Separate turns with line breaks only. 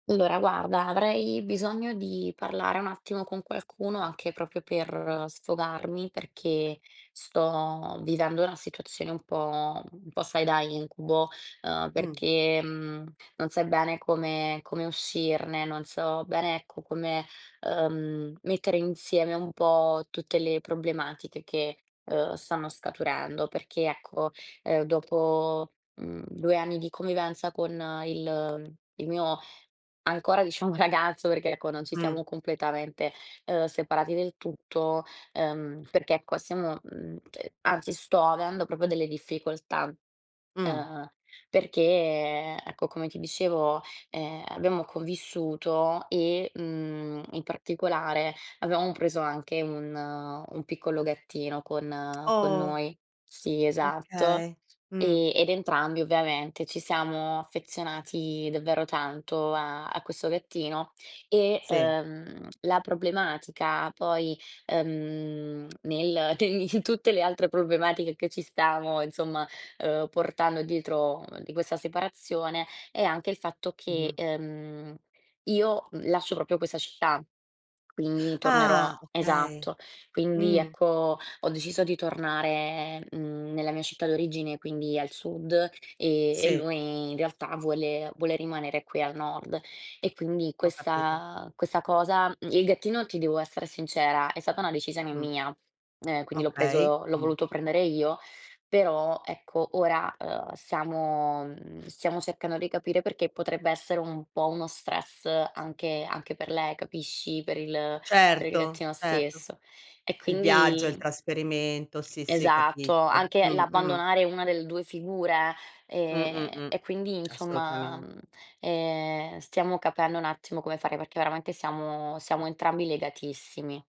Allora, guarda, avrei bisogno di parlare un attimo con qualcuno, anche proprio per sfogarmi, perché sto vivendo una situazione un po' un po', sai, da incubo, uhm,
Mh.
perché non sai bene come come uscirne, non so bene, ecco, come, uhm, mettere insieme un po' tutte le problematiche che, uhm, stanno scaturendo. Perché, ecco, uhm, dopo, mhmm, 2 anni di convivenza con il il mio ancora, diciamo, ragazzo, perché, ecco, non ci
Mh.
siamo completamente, uhm, separati del tutto, uhm, perché ecco, stiamo, mhmm, cioè, anzi sto avendo proprio delle difficoltà,
Mh.
uhm, perché, ecco, come ti dicevo, ehm, abbiamo convissuto e, mhmm, in particolare avevamo preso anche un un piccolo gattino con con
Oh!
noi. Sì, esatto.
Okay. Mh.
E ed entrambi ovviamente ci siamo affezionati davvero tanto a a questo gattino. E,
Sì.
uhm, la problematica poi, uhm, nel te in tutte le altre problematiche che ci stiamo, insomma, uhm, portando dietro di questa separazione, è anche il fatto
Mh-mh.
che, uhm, io, mhmm, lascio proprio questa città, quindi tornerò
Ah! Okay,
esatto, quindi
mh.
ecco, ho deciso di tornare, mhmm, nella mia città d'origine, quindi al sud e e
Sì.
lui in realtà vuole vuole rimanere qui al nord e quindi
Ho capito.
questa questa cosa, mhmm, il gattino, ti devo essere sincera, è stata una decisione
Mh.
mia e quindi l'ho
Okay.
preso l'ho
Mh.
voluto prendere io, però ecco, ora, uhm, stiamo, mhmm, stiamo cercando di capire perché potrebbe essere un po' uno stress anche anche per lei, capisci? Per il per il
Certo,
gattino
certo.
stesso e
Il viaggio, il
quindi
trasferimento, sì, sì
Esatto,
capisco.
anche
Mh-mh.
l'abbandonare una delle 2 figure,
Mh-mh,
ehm,
mh.
e quindi, insomma,
Assolutamen
mhmm, ehm, stiamo capendo un attimo come fare, perché veramente siamo siamo entrambi legatissimi.